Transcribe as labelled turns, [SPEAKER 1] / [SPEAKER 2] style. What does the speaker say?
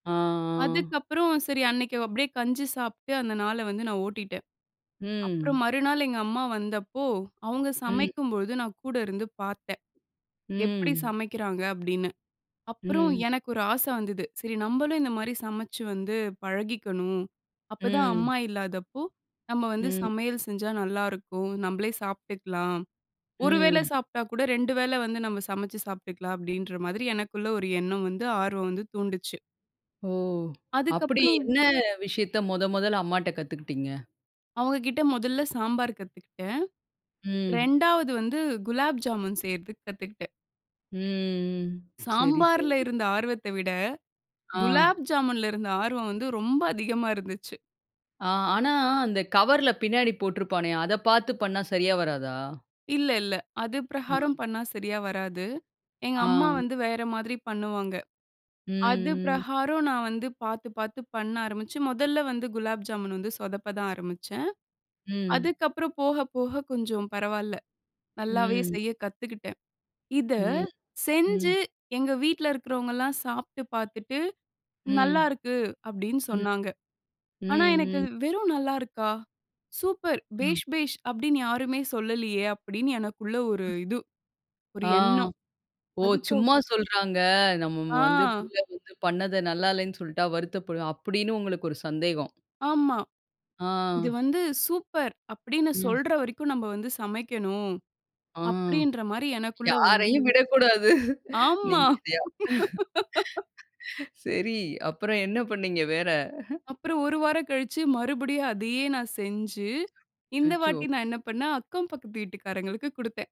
[SPEAKER 1] ஆ.
[SPEAKER 2] அதுக்கப்புறம், சரி அன்னைக்கு அப்டியே கஞ்சி சாப்ட்டு, அந்த நாளை வந்து நான் ஓட்டிட்டேன். அப்புறம்
[SPEAKER 1] ம்.
[SPEAKER 2] மறுநாள் எங்க அம்மா வந்தப்போ, அவுங்க
[SPEAKER 1] ம்.
[SPEAKER 2] சமைக்கும் பொழுது நான் கூட இருந்து பாத்தேன். எப்படி
[SPEAKER 1] ம்.
[SPEAKER 2] சமைக்கிறாங்க? அப்டின்னு. அப்புறம்
[SPEAKER 1] ம்.
[SPEAKER 2] எனக்கு ஒரு ஆசை வந்தது, சரி நம்பளும் இந்த மாரி சமைச்சு வந்து பழகிக்கணும். அப்பதான்
[SPEAKER 1] ம்.
[SPEAKER 2] அம்மா இல்லாதப்போ, நம்ம வந்து
[SPEAKER 1] ம்.
[SPEAKER 2] சமையல் செஞ்சா நல்லாருக்கும். நம்பளே சாப்ட்டுக்கலாம். 1 வேளை
[SPEAKER 1] ம்.
[SPEAKER 2] சாப்ட்டா கூட, 2 வேளை வந்து, நம்ம சமைச்சு சாப்பிட்டுக்கலாம் அப்டின்ற மாதிரி எனக்குள்ள ஒரு எண்ணம் வந்து, ஆர்வம் வந்து தூண்டுச்சு.
[SPEAKER 1] ஓ! அப்படி
[SPEAKER 2] அதுக்கப்புறம்
[SPEAKER 1] என்ன விஷயத்த மொத மொதல்ல அம்மாட்ட கத்துக்கிட்டீங்க?
[SPEAKER 2] அவுங்க கிட்ட மொதல்ல சாம்பார் கத்துக்கிட்டேன்.
[SPEAKER 1] ம்.
[SPEAKER 2] 2வது வந்து குலாப் ஜாமுன் செய்றதுக்கு கத்துக்கிட்டேன்.
[SPEAKER 1] ம் ம். சரி
[SPEAKER 2] சாம்பார்ல
[SPEAKER 1] சரி.
[SPEAKER 2] இருந்த ஆர்வத்த விட,
[SPEAKER 1] ஆ.
[SPEAKER 2] குலாப் ஜாமுன்ல இருந்த ஆர்வம் வந்து ரொம்ப அதிகமா இருந்துச்சு.
[SPEAKER 1] ஆ ஆனா, அந்த கவர்ல்ல பின்னாடி போட்டுருப்பானே, அத பாத்து பண்ணா சரியா வராதா?
[SPEAKER 2] இல்ல இல்ல. அது
[SPEAKER 1] ம்.
[SPEAKER 2] பிரகாரம் பண்ணா சரியா வராது. எங்க
[SPEAKER 1] ஆ.
[SPEAKER 2] அம்மா வந்து வேற மாதிரி பண்ணுவாங்க. அது
[SPEAKER 1] ம் ம்.
[SPEAKER 2] பிரகாரம் நான் வந்து பாத்து பாத்து பண்ண ஆரம்பிச்சு, மொதல்ல வந்து குலாப் ஜாமுன் வந்து சொதப்ப தான் ஆரம்பிச்சேன்.
[SPEAKER 1] ம்.
[SPEAKER 2] அதுக்கப்புறம் போக போக கொஞ்சம் பரவால்ல, நல்லாவே
[SPEAKER 1] ம்.
[SPEAKER 2] செய்ய கத்துக்கிட்டேன். இத
[SPEAKER 1] ம் ம்.
[SPEAKER 2] செஞ்சு, எங்க வீட்ல இருக்கிறவங்கலாம் சாப்ட்டு பாத்துட்டு,
[SPEAKER 1] ம்,
[SPEAKER 2] "நல்லாருக்கு" அப்டின்னு
[SPEAKER 1] ம்.
[SPEAKER 2] சொன்னாங்க.
[SPEAKER 1] ம்
[SPEAKER 2] ஆனா எனக்கு,
[SPEAKER 1] ம்.
[SPEAKER 2] வெறும் நல்லா இருக்கா? "சூப்பர்
[SPEAKER 1] அ.
[SPEAKER 2] பேஷ் பேஷ்" அப்டின்னு யாருமே சொல்லலையே! அப்படின்னு எனக்குள்ள ஒரு
[SPEAKER 1] அ,
[SPEAKER 2] இது. ஒரு
[SPEAKER 1] ஆ.
[SPEAKER 2] எண்ணம்.
[SPEAKER 1] "ஓ!
[SPEAKER 2] அதுக்கு
[SPEAKER 1] சும்மா சொல்றாங்க. நம்ம வந்து
[SPEAKER 2] ஆ.
[SPEAKER 1] பிள்ள வந்து பண்ணது நல்லா இல்லைன்னு சொல்ட்டா வருத்தப்படும்" அப்டின்னு உங்களுக்கு ஒரு சந்தேகம்.
[SPEAKER 2] ஆமா.
[SPEAKER 1] ஆ.
[SPEAKER 2] "இது வந்து சூப்பர்" அப்படின்னு
[SPEAKER 1] ம்.
[SPEAKER 2] சொல்ற வரைக்கும் நம்ப வந்து சமைக்கணும்,
[SPEAKER 1] ஆ.
[SPEAKER 2] அப்படின்ற மாரி எனக்குள்ள வந்து
[SPEAKER 1] யாரையும் விடக்கூடாது.
[SPEAKER 2] ஆமா.
[SPEAKER 1] நீங்க [unintelligible] சரி அப்புறம் என்ன பண்ணீங்க வேற?
[SPEAKER 2] அப்புறம் 1 வாரம் கழிச்சு, மறுபடியும் அதையே நான் செஞ்சு, இந்த
[SPEAKER 1] அச்சச்சோ!
[SPEAKER 2] வாட்டி நான் என்ன பண்ணேன் அக்கம் பக்கத்து வீட்டுக்காரங்களுக்கு குடுத்தேன்.